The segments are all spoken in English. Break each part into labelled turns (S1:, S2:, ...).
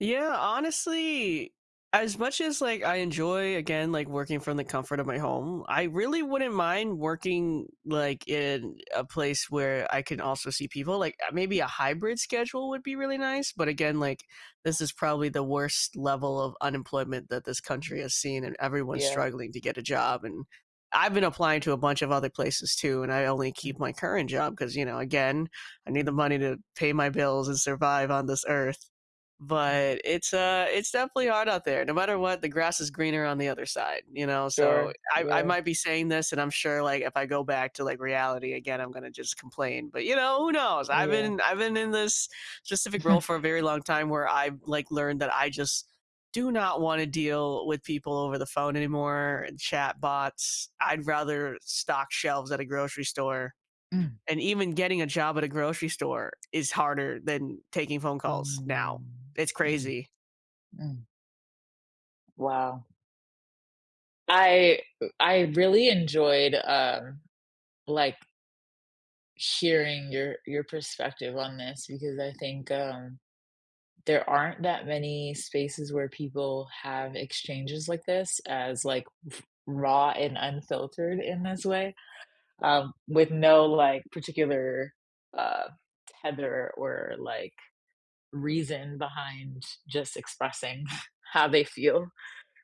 S1: Yeah, honestly, as much as, like, I enjoy, again, like, working from the comfort of my home, I really wouldn't mind working, like, in a place where I can also see people, like, uh, maybe a hybrid schedule would be really nice, but, again, like, this is probably the worst level of unemployment that this country has seen, and everyone's
S2: Yeah.
S1: struggling to get a job, and I've been applying to a bunch of other places too, and I only
S2: Mm.
S1: keep my current job 'cause, you know, again, I need the
S2: Mm.
S1: money to pay my bills and survive on this earth.
S2: Mm.
S1: But it's, uh, it's definitely hard out there. No matter what, the grass is greener on the other side, you know. So,
S2: Sure.
S1: I I
S2: Yeah.
S1: might be saying this, and I'm sure, like, if I go back to, like, reality again, I'm gonna just complain, but, you know, who knows? I've
S2: Yeah.
S1: been I've been in this specific role for a very long time where I've, like, learned that I just do not wanna deal with people over the phone anymore chatbots, I'd rather stock shelves at a grocery store.
S2: Mm.
S1: And even getting a job at a grocery store is harder than taking phone calls now.
S2: Mm.
S1: It's
S2: Mm.
S1: crazy.
S2: Mm. Wow. I, u I really enjoyed, um, like hearing your your perspective on this because I think, um, there aren't that many spaces where people have exchanges like this as like raw and unfiltered in this way, um, with no, like, particular, uh, tether or, like, reason behind just expressing how they feel.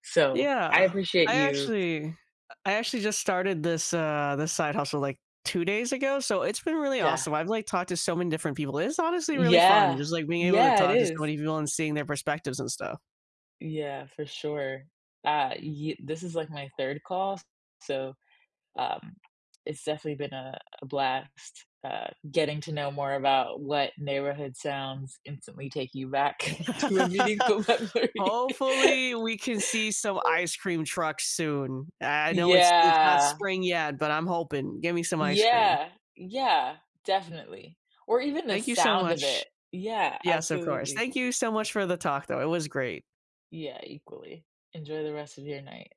S2: So, I
S1: Yeah.
S2: appreciate
S1: I
S2: you.
S1: actually uh, I actually just started this this, uh, this side hustle, like, 2 days ago, so, it's been really
S2: Yeah.
S1: awesome. I've, like, talked to so many different people; it's honestly really fun.
S2: Yeah.
S1: Just, like, being able to
S2: Yeah, it
S1: talk to so
S2: is.
S1: many people and seeing their perspectives and stuff.
S2: Yeah, for sure. Ah, ye this is like my 3rd call, s so, um, it's definitely been a a blast, uh, getting to know more about what neighborhood sounds instantly take you back to a meaningful memory.
S1: Hopefully, we can see some ice cream trucks soon. I know it's it's not
S2: Yeah.
S1: spring yet, but I'm hoping. Gimme some ice cream.
S2: Yeah. Yeah. Definitely. Or even the
S1: Thank you so
S2: sound of it.
S1: much.
S2: Yeah,
S1: Yes, of course.
S2: absolutely.
S1: Thank you so much for the talk though. It was great.
S2: Yeah, equally. Enjoy the rest of your night.